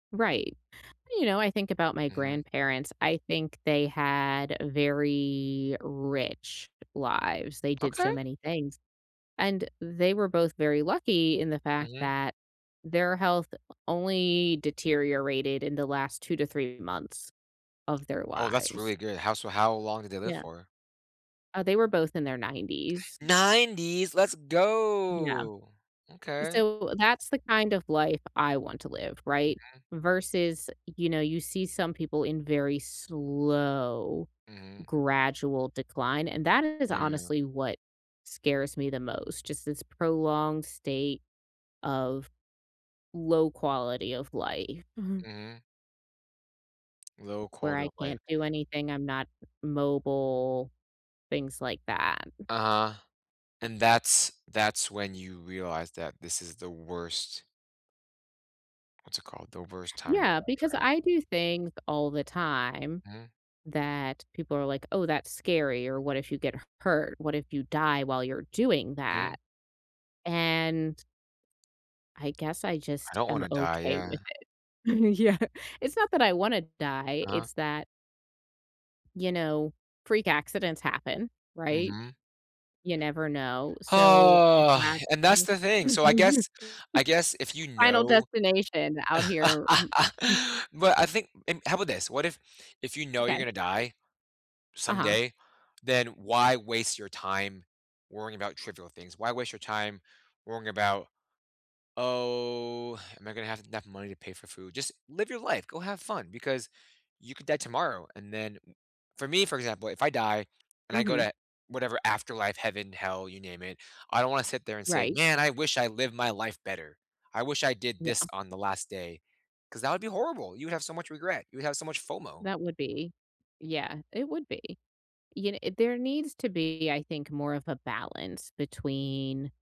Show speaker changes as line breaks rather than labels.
Right. You know, I think about my
Mhm.
grandparents. I think they had very rich lives. They did
Okay.
so many things and they were both very lucky in the fact
Mhm.
that their health only deteriorated in the last 2 to 3 months of their
Oh, that's
lives.
really good how so how long did they live
Yeah.
for?
Uh, they were both in their 90s.
90s let's
Yeah.
go! Okay.
So, that's the kind of life I want to live right?
Mhm.
Versus, you know, you see some people in very slow
Mhm.
gradual decline, and that is
Yeah.
honestly what scares me the most. Just this prolonged state of low quality of life mhm.
Mhm. Low
Where
quality
I
of life.
can't do anything. I'm not mobile, things like that.
Uh-huh. And that's that's when you realize that this is the worst what's it called? The worst time of your
Yeah,
life
because
right?
I do things all the time
Mhm.
that people are like, "Oh, that's scary," or "What if you get h hurt? What if you die while you're doing
Mm.
that?" and I guess I
I
just
don't
am
wanna die
okay
yeah.
with it. Yeah. It's not that I wanna die
Uh-huh.
it's that you know, freak accidents happen right?
Mhm.
You never know so, I'd
And that's the thing
rather
so, I guess I guess if you
Final
know
destination out here
But I think and how about this? What if if you know you're
Okay.
gonna die
Uh-huh.
someday, then why waste your time worrying about trivial things? Why waste your time worrying about, "Oh, am I gonna have enough money to pay for food?" Just live your life, go have fun because you could die tomorrow, and then for me, for example, if I die and I go
Mhm.
to whatever afterlife, heaven, hell, you name it, I don't wanna sit there and say,
Right.
"Man, I wish I lived my life better, I wish I did
Yeah.
this on the last day." 'Cause that would be horrible, you would have so much regret, you would have so much FOMO.
That would be. Yeah, it would be. You kn there needs to be, I think, more of a balance between